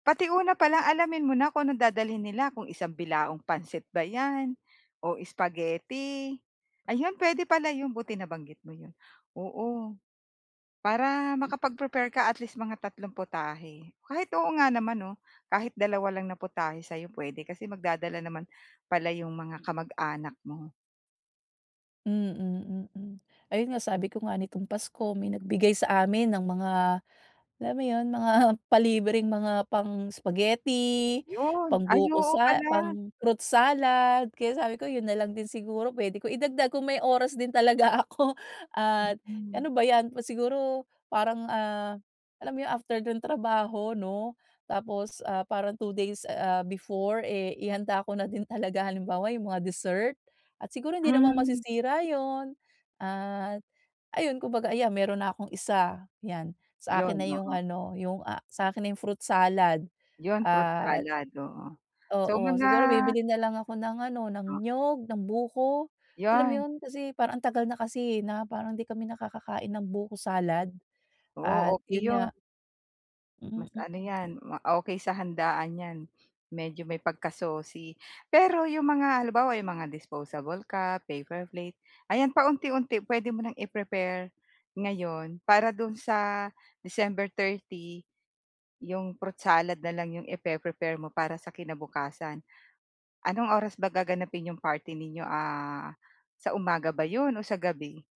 Pati una pa lang alamin mo na kung anong dadalhin nila, kung isang bilaong pansit ba yan, o spaghetti. Ayun, pwede pala yun buti nabanggit mo yun. Oo. Para makapag-prepare ka at least mga tatlong putahe. Kahit oo nga naman 'no, kahit dalawa 2 lang na putahe sa'yo puwede, kasi magdadala naman pala 'yong mga kamag-anak mo. Mm, mm. Ayun nga sabi ko nga nitong Pasko may nagbigay sa amin ng mga alam mo yun, mga palibreng mga pang-spaghetti, Yun, ay pangbuko oo sa pala. pang-fruit salad. Kaya sabi ko yun nalang din siguro pwede ko idagdag kung may oras din talaga ako. At Mm. ano ba yan, pu siguro parang ah alam mo yun, after nung trabaho 'no? Tapos ah parang 2 days ah before, eh, ihanda ko na din talaga. Halimbawa yung mga dessert at siguro hindi naman Hmm. masisira yun. At ayun, kung baga, ayan meron na akong isa, 1 yan. Sa akin Yun na yung oo. ano, yung ah sa akin na yung fruit salad Yun fruit at salad oo. So Oo. mga Siguro bibili na lang ako ng ano, ng Oo. niyog, ng buko, alam mo 'Yan. yun? Kasi parang ang tagal na kasi eh, na parang di kami nakakakain ng buko salad. At Oo, okey yun yun. nga. Mas ano Mm. 'yan, ma okey sa handaan 'yan, medyo may pagkasosi. Pero 'yong mga halimbawa, 'yong mga disposable cup, paper plate, ayan, paunti-unti puwede mo ng i-prepare ngayon, para do'n sa December 30, 'yong fruit salad na lang 'yong ipe-prepare mo para sa kinabukasan. Anong oras ba gaganapin 'yong party ninyo, ah sa umaga ba 'yon o sa gabi?